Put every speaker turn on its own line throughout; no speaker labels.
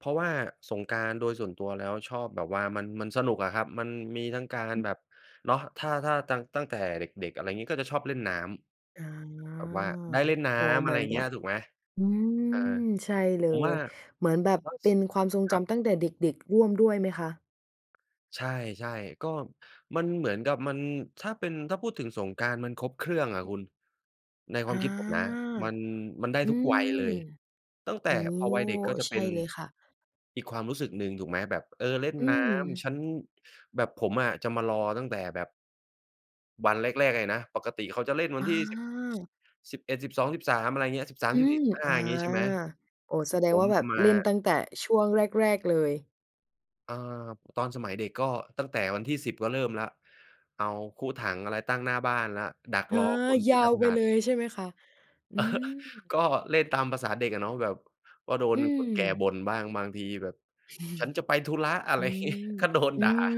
เพราะว่าสงกรานต์โดยส่วนตัวแล้ว ชอบแบบว่ามัน มันสนุกอะครับ มันมีทั้งการ
อือ
แบบ เนาะ ถ้า ถ้าตัง ตั้งแต่เด็ก ๆ อะไรอย่างงี้ ก็จะชอบเล่นน้
อา
ำ แบบว่าได้เล่นน้
โอ้
ำ
เ
อ
หม
ะไ
ื
ร
อน
อย่า
แ
ง
บ
เงี้
บ
ย ถูกไหม
อืม
อา
ใช่เล
ผมว่
ย
า
เหมือนแบ
ผ
บ
มว่า
เป
ส
็นความทรง
คร
จ
ับ
ำตั้งแต่เด็ก ๆ ร่วมด้วยไหมคะ?
ใช่ ๆ ก็มันเหมือนกับมัน ถ้าเป็น ถ้าพูดถึงสงกรานต์มันครบเครื่องอะ
อือ
คุณ ในค
อ
ว
า
ามคิดผมนะ มัน มันได้
อื
ทุกวัยเล
ม
ย ตั้งแ
โ
ต
อ
่
้
พอวัยเด็กก็จะ
ใช
เป็
่
น
เลยค่ะ
อีกความรู้สึกหนึ่ง ถูกไหม แบบ เออ เล่น
อื
น้
ม
ำ ฉัน แบบผมอะจะมารอตั้งแต่แบบ วันแรก ๆ เลยนะ ปกติเขาจะเล่นวั
อ
นที่ สิบ
า
สิบเอ็ด สิบสอง สิบสาม อะไรอย่างเงี้ย สิบสาม
อื
สิบ
ม
สี่ สิบห้
อ
า
า
อย่างงี้ ใช่ไหม
โอ้ แสด
ผ
งว
ม
่าแบ
จะ
บ
มา
เล่นตั้งแต่ช่วงแรก ๆ เลย
เอ่อ ตอนสมัยเด็ก ก็ตั้งแต่วันที่ 10 ก็เริ่มแล้ว เอาคุถัง อะไรตั้งหน้าบ้านละ ดัก
เออ
รอคนท
ย
ี่
า
จะ
ว
ผ
ไป
่า
เล
น
ย ใช่ไหมคะ? อืม
ก็เล่นตามภาษาเด็กอะเนาะ แบบว่าโด
อ
น
ื
คนแก่บ
ม
่นบ้าง บางทีแบบ "ฉันจะไปธุระ" อะไ
อ
ร
ื
งี้
ม
"ก็โดน
อื
ด่า
ม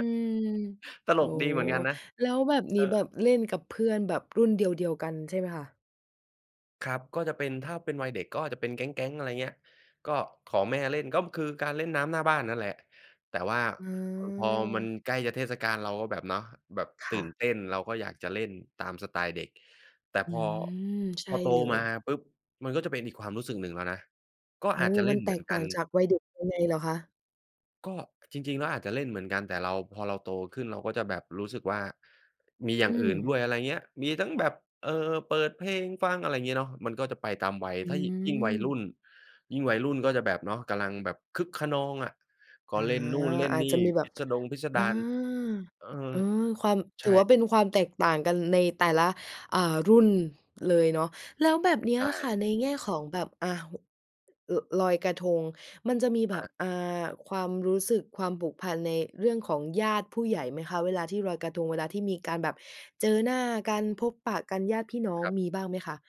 ต
โ
ล
อ้
กดีเหมือนกันนะ
แล้วแบบนี
เอ
้แบ
อ
บเล่นกับเพื่อนแบบรุ่นเดียว ๆ กันใช่ไหมคะ?
ครับ ก็จะเป็น ถ้าเป็นวัยเด็กก็จะเป็นแก๊ง ๆ อะไรอย่างเงี้ย ก็ขอแม่เล่น ก็คือการเล่นน้ำหน้าบ้านนั่นแหละ แต่ว่า อ พอมัน
เออ
ใกล้จะเทศกาล เราก็แบบเนาะ แบบ
ค
ตื
่
่น
ะ
เต้น เราก็อยากจะเล่นตามสไตล์เด็ก แต่
อื
พอ
ม ใช
พ
่
อโต
เล
มา
ย
ปุ๊บ มันก็จะเป็นอีกความรู้สึกหนึ่งแล้วนะ ก็
โอ้
อา
โ
จ
ฮ
จะเล
ม
่
ัน
น
แ
เ
ต
หมือ
ก
น
ต
ก
่
ั
า
น
งจากวัยเด็กยังไงเหรอคะ?
ก็จริง ๆ แล้วอาจจะเล่นเหมือนกัน แต่เรา พอเราโตขึ้น เราก็จะแบบรู้สึกว่า มีอย่
อ
าง
ื
อื่
ม
นด้วย อะไรเงี้ย มีทั้งแบบ เอ่อ เปิดเพลงฟัง อะไรอย่างเงี้ยเนาะ มันก็จะไปตามวัย
อื
ถ้ายิ่ ยิ่งวัยรุ่
ม
น ยิ่งวัยรุ่นก็จะแบบเนาะ กำลังแบบคึกคะนองอะ ก็
อา
เล่นนู่นเล่น
อา
น
จ
ี่
จะมีแบ
พิ
บ
สดง พิส
อ
ดา
า
ร
อ
เออ
เออ ความ
ใ
ถ
ช
ื
่
อว่าเป็นความแตกต่างกันในแต่ละ อ่า รุ่นเลยเนาะ แล้วแบบนี
ใ
้
ช
อะค่
่
ะ ในแง่ของแบบ อ่า ห ล ลอยกระทงมันจะมีแบ
ค
บ
รับ
อ่า ความรู้สึก ความผูกพัน ในเรื่องของญาติผู้ใหญ่ไหมคะ เวลาที่ลอยกระทง เวลาที่มีการแบบเจอหน้ากัน พบปะกันญาติพี่น้อง
ครับ
มีบ้างไหมคะ?